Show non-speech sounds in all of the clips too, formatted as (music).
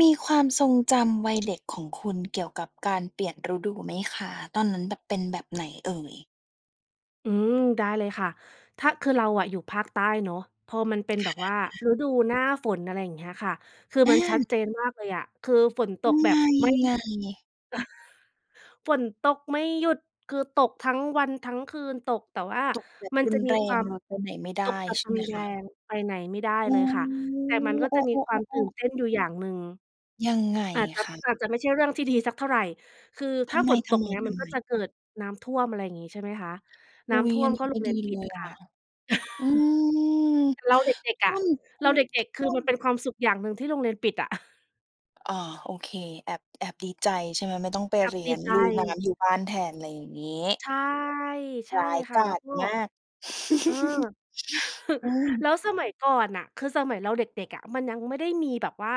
มีความทรงจำวัยเด็กของคุณเกี่ยวกับการเปลี่ยนฤดูไหมคะ? ตอนนั้นแบบเป็นแบบไหนเอ่ย? อืม ได้เลยค่ะ ถ้า คือเราอะอยู่ภาคใต้เนาะ พอมันเป็นคแบบ่ว่าะ ฤดูหน้าฝน อะไรอย่างเงี้ยค่ะ คือมันชอัดา เจนมากเลยอะ คือฝนตมกันแบมบายไมั่งหไง? ยุด (chuckles) ฝนตกไม่หยุด คือตกทั้งวันทั้งคืน ตก แต่ว่าตกแบบมันรุจะนมีแรควาง ม เราไปไหนไม่ไตดก้ แบบใช่รุไหมนแคระ? ง ไปไหนไม่ได้อืเลยค่ะ แต่ มันก็อ โอจ้ ะมีความตื่ๆ นๆ ๆ เต้นอยู่อย่างหนึ่ง ยังไงอาจจะ คะ? อาจจะไม่ใช่เรื่องที่ดีสักเท่าไร คือทถ้าำไฝนตก ม เงี้ย มันก็จๆ ๆ? ะเกิดน้ำท่วม อะไรอย่างงี้ ใช่ไหมคะ นอุ้๊ำทย ่อวัมนนกี็้โไรม่งเรีดียนปเิลดยอคะ ่ะ อืม (chuckles) เราเด็ก ทๆ อ่ะ วม ท เราเด็ก ๆ คทื่อวม มันเป็นความสุขอย่างหนึ่งที่โรงเรียนปิดอะ (chuckles) อ๋อ โอเค แอบ แอบดีใจใช่ไหม? ไม่ต้องไปกัเบรีดยีน ใลุยน้จ ำอยู่บ้านแทน อะไรอย่างงี้ ใช่ ใช่ร้ายค่กะ แล้าวจก็ มาก เออ (laughs) อ(chuckles) ืแลม ้วสมัยก่อนน่ะ คือสมัยเราเด็ก ๆ อะ มันยังไม่ได้มีแบบว่า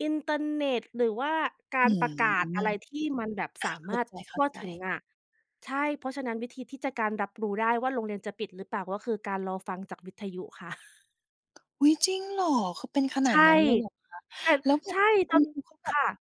อินเทอร์เน็ต หรือว่ากาอืรปรม ะกาศออะไรที่มันแบบสาา เขม้าารถทั่วใจ ถึงๆ อะ ใช่ เพราะฉะนั้นวิธีที่จะ การรับรู้ได้ว่าโรงเรียนจะปิดหรือเปล่า ก็คือการรอฟังจากวิทยุค่ะ (chuckles) อุ๊ย! จริงเหรอ? คือเป็นขในชาด่ นั้นเลยเหรอคะ? แต่ แล้วแบใชบ่ คจุณน ครูเขาแบคบ ่ะ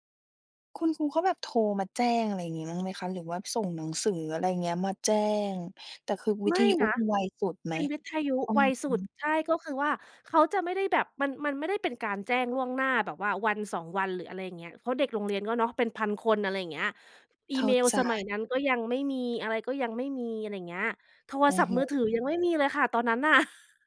คุณครูก็แบบโทรมาแจ้งอะไรอย่างงี้บ้างไหมคะ? หรือว่าส่งหนังสือ อะไรเงี้ย มาแจ้ง แต่คือวิไมท่ยุนก็ะ คือไวสุดไหเม? ป็นวิทยุอืไวอสฮุด ึ ใช่ ก็คือว่า เขาจะไม่ได้แบบ มัน มันไม่ได้เป็นการแจ้งล่วงหน้าแบบว่าวัน 2 วัน หรืออะไรอย่างเงี้ย เพราะเด็กโรงเรียนก็เนาะ เป็น 1,000 คน อะไรอย่างเงี้ย อีเข้เามล์ใจ สมัยนั้นก็ยังไม่มี อะไรก็ยังไม่มี อะไรอย่างเงี้ย โทรอืศอัพทฮ์ึ มือถือ ยังไม่มีเลยค่ะตอนนั้นน่ะ (chuckles)